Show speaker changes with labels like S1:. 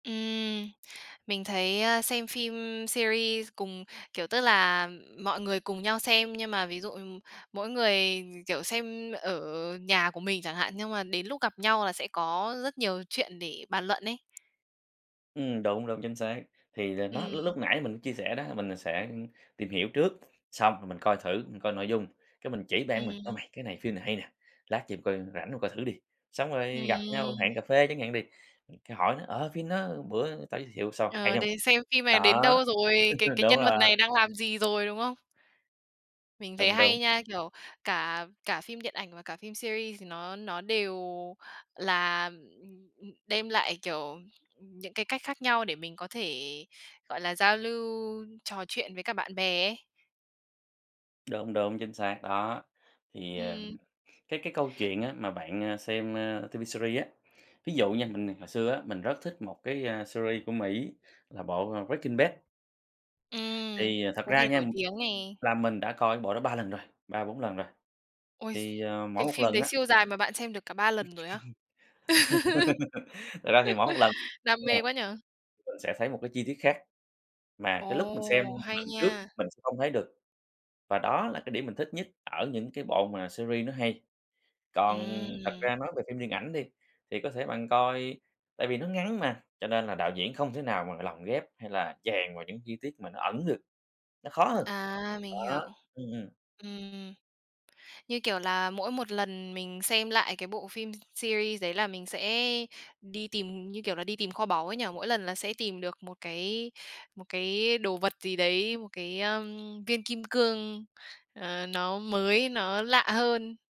S1: Ừm, mình thấy, ơ, xem phim series cùng, kiểu, tức là, mọi người cùng nhau xem, nhưng mà ví dụ, ừm, mỗi người, kiểu, xem ở nhà của mình chẳng hạn, nhưng mà đến lúc gặp nhau là sẽ có rất nhiều chuyện để bàn luận ấy.
S2: Ừm, đúng, đúng, chính xác. Thì là nó
S1: Ừm.
S2: l lúc nãy mình có chia sẻ đó, mình sẽ, ừm, tìm hiểu trước, xong rồi mình coi thử, mình coi nội dung, cái mình chỉ bạn mình "Ơ
S1: Ừm.
S2: mày, cái này phim này hay nè, lát về mày coi rảnh hông, coi thử đi". Xong rồi gặp nhau
S1: Ừm.
S2: hẹn cà phê chẳng hạn đi, ừm, cái hỏi nó "Ờ, phim nó bữa tao giới thiệu sao, hay
S1: Ờ,
S2: hông?".
S1: đấy, xem phim này
S2: Đó.
S1: đến đâu rồi, cái cái
S2: Đúng
S1: nhân vật
S2: rồi!
S1: này đang làm gì rồi, đúng không? Mình thấy
S2: Đúng, đúng!
S1: hay nha. Kiểu, cả cả phim điện ảnh và cả phim series thì nó nó đều là, ừm, ừm, đem lại, kiểu, những cái cách khác nhau để mình có thể, gọi là, giao lưu trò chuyện với cả bạn bè ấy.
S2: Đúng, đúng, chính xác! Đó, thì, à,
S1: Ừm.
S2: cái cái câu chuyện á mà bạn, ơ, xem, ơ, TV series á, ví dụ nha, mình hồi xưa á, mình rất thích một cái, ơ, series của Mỹ là bộ, ờ, Breaking Bad.
S1: Ừm,
S2: Thì, ờ, thật
S1: có
S2: ra
S1: vẻ
S2: nha,
S1: nổi tiếng nè.
S2: là mình đã coi cái bộ đó 3 lần rồi, 3-4 lần rồi.
S1: Ôi,
S2: Thì, ờ, mỗi
S1: cái
S2: một
S1: phim
S2: lần
S1: đấy
S2: á
S1: siêu dài mà bạn xem được cả 3 lần rồi á?
S2: Thật ra thì mỗi một lần
S1: Đam mê quá nhỉ.
S2: [unintelligible] mình sẽ thấy một cái chi tiết khác, mà cái lúc mình xem
S1: Ồ, hay
S2: lần trước
S1: nha.
S2: mình sẽ không thấy được. Và đó là cái điểm mình thích nhất ở những cái bộ mà series nó hay. Còn thật
S1: Ừm.
S2: ra nói về phim điện ảnh đi, thì có thể bạn coi tại vì nó ngắn mà, cho nên là đạo diễn không thể nào mà lồng ghép, hay là chèn vào những chi tiết mà nó ẩn được, nó khó hơn.
S1: À, mình
S2: Đó,
S1: hiểu.
S2: ừm, ừm.
S1: Ừm, như kiểu là, mỗi một lần mình xem lại cái bộ phim series đấy là mình sẽ đi tìm, như kiểu là, đi tìm kho báu ấy nhỉ, mỗi lần là sẽ tìm được một cái, một cái đồ vật gì đấy, một cái, ơm, viên kim cương, ờ, nó mới, nó lạ hơn.